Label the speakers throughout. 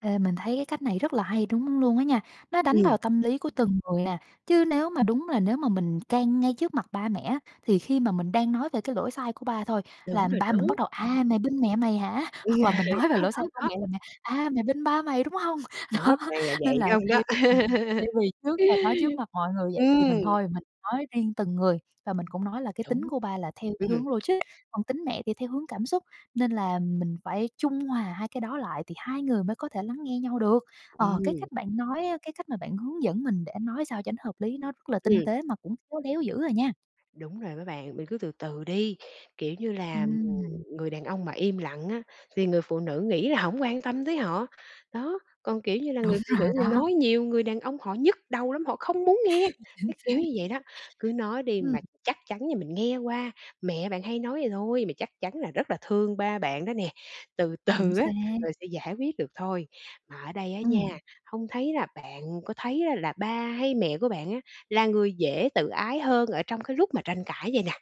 Speaker 1: Ê, mình thấy cái cách này rất là hay đúng luôn á nha, nó đánh
Speaker 2: Ừm.
Speaker 1: vào tâm lý của từng người nè, chứ nếu mà đúng là nếu mà mình can ngay trước mặt ba mẹ á thì khi mà mình đang nói về cái lỗi sai của ba thôi
Speaker 2: Đúng
Speaker 1: là
Speaker 2: rồi
Speaker 1: ba mình bắt
Speaker 2: đó.
Speaker 1: đầu: "À, mày bênh mẹ mày hả?" hoặc là mình nói về
Speaker 2: Đó,
Speaker 1: lỗi sai
Speaker 2: đó,
Speaker 1: của
Speaker 2: đó.
Speaker 1: mẹ là mẹ: "À, mày bênh ba mày, đúng hông?"
Speaker 2: Đó,
Speaker 1: Đó
Speaker 2: toàn là
Speaker 1: nên
Speaker 2: vậy
Speaker 1: là
Speaker 2: không
Speaker 1: thay
Speaker 2: đó.
Speaker 1: ừm, thay vì trước là nói trước mặt mọi người vậy thì
Speaker 2: Ừm.
Speaker 1: mình thôi, mình nói riêng từng người và mình cũng nói là cái tính
Speaker 2: Đúng!
Speaker 1: của ba là theo cái
Speaker 2: Ừm.
Speaker 1: hướng logic, còn tính mẹ thì theo hướng cảm xúc nên là mình phải trung hòa hai cái đó lại thì hai người mới có thể lắng nghe nhau được. Ờ, cái
Speaker 2: Ừm.
Speaker 1: cách bạn nói á, cái cách mà bạn hướng dẫn mình để nói sao cho nó hợp lý nó rất là tinh
Speaker 2: Ừm.
Speaker 1: tế mà cũng khéo léo dữ à nha!
Speaker 2: Đúng rồi đó bạn, mình cứ từ từ đi, kiểu như là,
Speaker 1: Ừm.
Speaker 2: người đàn ông mà im lặng á thì người phụ nữ nghĩ là hổng quan tâm tới họ. Đó, còn, kiểu như là,
Speaker 1: Đúng
Speaker 2: người phụ
Speaker 1: rồi
Speaker 2: nữ này
Speaker 1: đó!
Speaker 2: nói nhiều, người đàn ông họ nhức đầu lắm, họ không muốn nghe,
Speaker 1: Chính
Speaker 2: cái kiểu
Speaker 1: xác.
Speaker 2: như vậy đó. Cứ nói đi
Speaker 1: Ừm.
Speaker 2: mà chắc chắn như mình nghe qua, mẹ bạn hay nói vậy thôi, mà chắc chắn là rất là thương ba bạn đó nè, từ
Speaker 1: Chính
Speaker 2: từ á,
Speaker 1: xác!
Speaker 2: rồi sẽ giải quyết được thôi. Mà ở đây á nha,
Speaker 1: Ừm.
Speaker 2: hông thấy là bạn có thấy là ba hay mẹ của bạn á là người dễ tự ái hơn ở trong cái lúc mà tranh cãi vầy nè?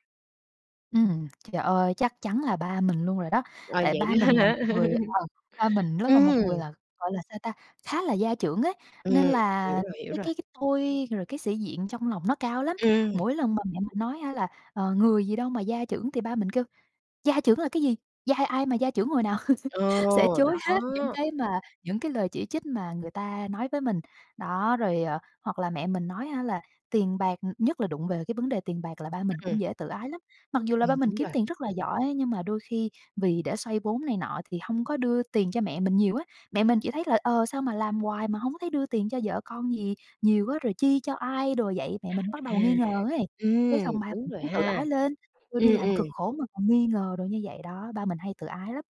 Speaker 1: Ừm, trời ơi, chắc chắn là ba mình luôn rồi đó,
Speaker 2: Ờ,
Speaker 1: tại
Speaker 2: vậy
Speaker 1: ba
Speaker 2: đó
Speaker 1: mình là một
Speaker 2: hả?
Speaker 1: người ờ, ba mình rất là một người,
Speaker 2: Ừm.
Speaker 1: gọi là sao ta, khá là gia trưởng ấy.
Speaker 2: Ừm,
Speaker 1: Nên là
Speaker 2: hiểu rồi, hiểu
Speaker 1: cái
Speaker 2: rồi.
Speaker 1: cái cái tôi rồi cái sĩ diện trong lòng nó cao lắm,
Speaker 2: Ừm.
Speaker 1: mỗi lần mà mẹ mình nói hả là "Ờ, người gì đâu mà gia trưởng" thì ba mình kêu: "Gia trưởng là cái gì? Gia ai mà gia trưởng hồi nào?" sẽ
Speaker 2: Ồ,
Speaker 1: chối hết những
Speaker 2: đó.
Speaker 1: cái mà những cái lời chỉ trích mà người ta nói với mình. Đó rồi, ờ, hoặc là mẹ mình nói hả là tiền bạc nhất là đụng về cái vấn đề tiền bạc là ba mình
Speaker 2: Ừm.
Speaker 1: cũng dễ tự ái lắm, mặc dù là ba
Speaker 2: Ừm,
Speaker 1: mình
Speaker 2: đúng
Speaker 1: kiếm
Speaker 2: rồi.
Speaker 1: tiền rất là giỏi nhưng mà đôi khi vì để xoay vốn này nọ thì hông có đưa tiền cho mẹ mình nhiều á. Mẹ mình chỉ thấy là, ờ, "sao mà làm hoài mà hổng thấy đưa tiền cho vợ con gì nhiều" á, rồi "chi cho ai đồ vậy", mẹ mình bắt
Speaker 2: À.
Speaker 1: đầu nghi ngờ ấy, cái
Speaker 2: Ừm,
Speaker 1: xong ba
Speaker 2: đúng
Speaker 1: mình
Speaker 2: rồi
Speaker 1: [unintelligible] tự
Speaker 2: ha.
Speaker 1: ái lên, "tui đi
Speaker 2: Ừm,
Speaker 1: làm cực
Speaker 2: ừm.
Speaker 1: khổ mà còn nghi ngờ đồ" như vậy đó, ba mình hay tự ái lắm.